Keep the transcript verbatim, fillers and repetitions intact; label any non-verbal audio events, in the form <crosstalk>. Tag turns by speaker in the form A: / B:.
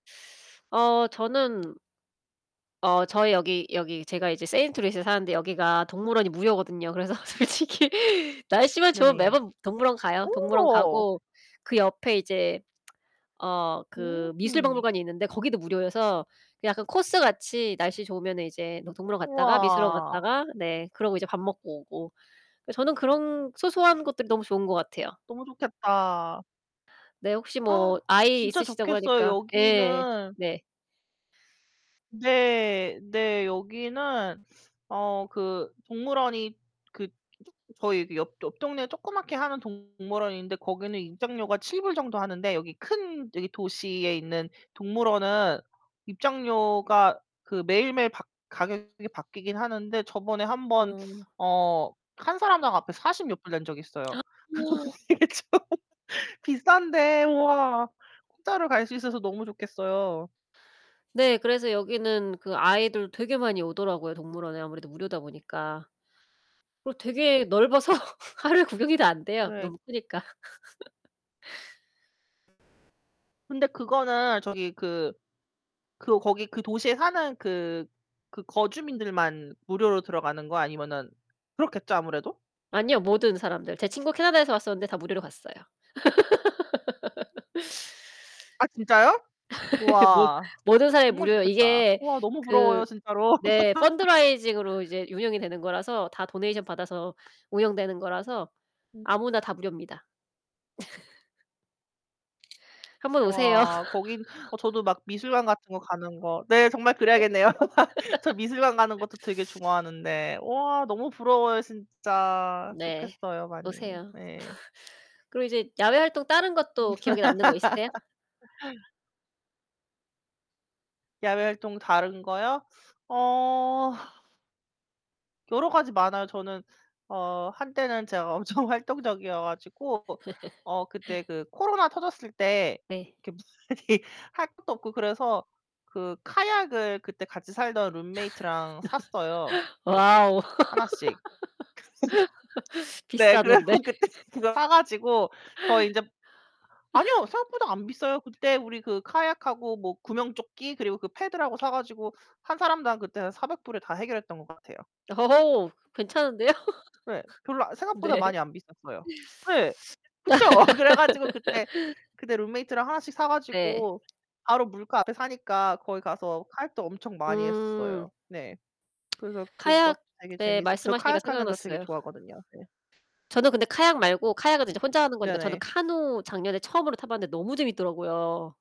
A: 어 저는 어 저희 여기 여기 제가 이제 세인트루이스에 사는데 여기가 동물원이 무료거든요. 그래서 솔직히 날씨만 좋으면
B: 네네.
A: 매번 동물원 가요. 동물원
B: 어.
A: 가고 그 옆에 이제 <tsk> 어 그 미술
B: 음흠.
A: 박물관이 있는데 거기도 무료여서 그 약간 코스같이 날씨 좋으면은 이제 뭐 동물원 갔다가 미술원
B: 우와.
A: 갔다가 네 그러고 이제 밥 먹고 오고. 저는 그런 소소한 것들이 너무 좋은 것 같아요.
B: 너무 좋겠다.
A: 네. 혹시 뭐
B: <gasps>
A: 아이
B: 진짜
A: 있으시다고
B: 좋겠어요.
A: 하니까 예.
B: 여기는
A: 네.
B: 네. 네. 여기는 어 그 동물원이 그 쪼 저희 그 옆 옆동네에 조그맣게 하는 동물원인데 거기는 입장료가 칠 불 정도 하는데 여기 큰 여기 도시에 있는 동물원은 입장료가 그 매일매일 바 가격이 바뀌긴 하는데 저번에 한 번
A: 음.
B: 어 한 사람당 앞에 사십 몇 불 낸 적이 있어요. <laughs>
A: <gasps>
B: 이게 좀 비싼데 우와 공짜로 갈 수 있어서 너무 좋겠어요.
A: 네 그래서 여기는 그 아이들 되게 많이 오더라고요 동물원에 아무래도 무료다 보니까. 그리고
B: 음.
A: 되게 넓어서 하루에 구경이 다 안 돼요
B: 네.
A: 너무 크니까. <laughs>
B: 근데 그거는 저기 그, 그 거기 그 도시에 사는 그, 그 거주민들만 무료로 들어가는 거야 아니면은 그렇겠죠 아무래도?
A: 아니요 모든 사람들. 제 친구 캐나다에서 왔었는데 다 무료로 갔어요.
B: 아 진짜요?
A: <laughs> 모
B: 우와
A: 모든 사람이
B: 정말
A: 무료예요.
B: 좋겠다.
A: 이게
B: 우와 너무
A: 그
B: 부러워요 진짜로.
A: 네 펀드
B: <laughs>
A: 라이징으로 이제 운영이 되는 거라서 다 도네이션 받아서 운영되는 거라서
B: 어.
A: 아무나 다 무료입니다. <laughs> 한 번 오세요.
B: 와 거기 어 저도
A: <laughs>
B: 막 미술관 같은 거 가는 거 네, 정말 그래야겠네요. <laughs> 저 미술관 가는 것도 되게
A: <laughs>
B: 좋아하는데 와 너무 부러워요 진짜.
A: 네
B: 좋겠어요 많이.
A: 오세요.
B: 네.
A: <laughs> 그리고 이제 야외 활동 다른 것도 기억에 남는 거 있으세요?
B: <laughs> 야외 활동 다른 거요? 어 여러 가지 많아요. 저는 어 한때는 제가 엄청 활동적이어 가지고 어 그때
A: <laughs>
B: 그 코로나 터졌을 때
A: 네.
B: <unintelligible> 할 것도 없고 그래서 그 카약을 그때 같이 살던 룸메이트랑 샀어요.
A: <laughs>
B: 그게
A: 와우.
B: 하나씩.
A: <laughs>
B: <laughs> 네 그래서
A: 비싸던데.
B: 그때 그거 사 가지고 더
A: <laughs>
B: 인제 아니요.
A: <laughs>
B: 생각보다 안 비싸요. 그때 우리 그 카약하고 뭐 구명조끼 그리고 그 패들하고 사 가지고 한 사람당 그때 한 사백 불 에 다 해결 했던 것 같아요.
A: 어 괜찮은데요?
B: 네. 별로 아
A: <laughs>
B: 생각보다
A: 네.
B: 많이 안 비쌌어요. 네. 그쵸? 그래 가지고 그때,
A: <laughs>
B: 그때 룸메이트랑 하나씩
A: 네.
B: 사가지고 바로 물가 앞에 사니까 거기 가서 카약도 엄청 많이
A: 음.
B: 했었어요. 네. 그래서 그것도
A: 카약
B: 되게
A: 네
B: 재밌었 저
A: 말씀하시니까
B: 카약하는 거 되게
A: 생각났어요.
B: 좋아하거든요. 네.
A: 저는 근데 카약 말고 카약은 이제 혼자 하는 거니까 저는
B: 네네.
A: 카누 작년에 처음으로 타 봤는데 너무 재밌더라고요.